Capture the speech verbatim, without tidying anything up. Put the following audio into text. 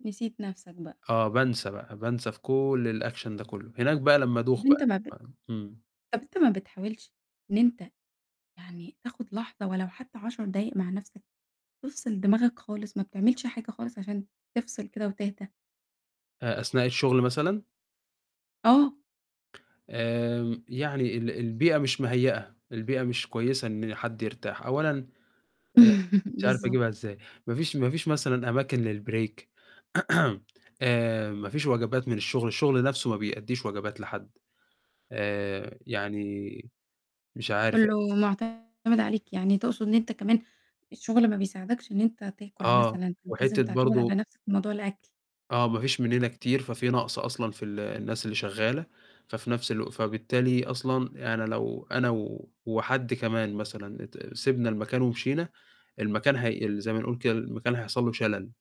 نسيت نَفْسك بقى. آه، بانسى بقى بانسى في كُلّ الAction ده كُلّه، هناك بقى لمّا أدوخ طَب أنت بقى، ما ب آمم. طَب أنت ما بتحاولش إن أنت يعني تاخد لحظة ولو حتى عَشَر دقايق مع نَفْسك؟ تفصِل دماغك خالص، ما بتعملش حاجة خالص عشان تفصِل كده وتهدى؟ أ أثناء الشغل مثلًا؟ آه. آمم. يعني ال البيئة مش مهيّئة، البيئة مش كويسة إن حد يرتاح. أولًا أ مش عارف بالضبط. أجيبها إزاي، ما فيش ما فيش مثلًا أماكن للbreak آآ، ما فيش وجبات من الشغل، الشغل نَفْسُه ما بيأديش وجبات لحد. آآ، يعني مش عارف كُلّه معتمِد عليك، يعني تقصد إن أنت كمان الشغل ما بيساعدكش إن أنت تاكل آه، مثلًا، أنت لازم وحتة تعتمد على برضه نَفْسك في موضوع الأكل. آه، ما فيش مننا كتير، ففي نقص أصلًا في ال الناس اللي شغالة، ففي نَفْس الوق فبالتالي أصلًا يعني أنا لو أنا و وحد كمان مثلًا ت سِبنا المكان ومشينا، المكان هي زي ما نقول كده، المكان هيحصل له شلل.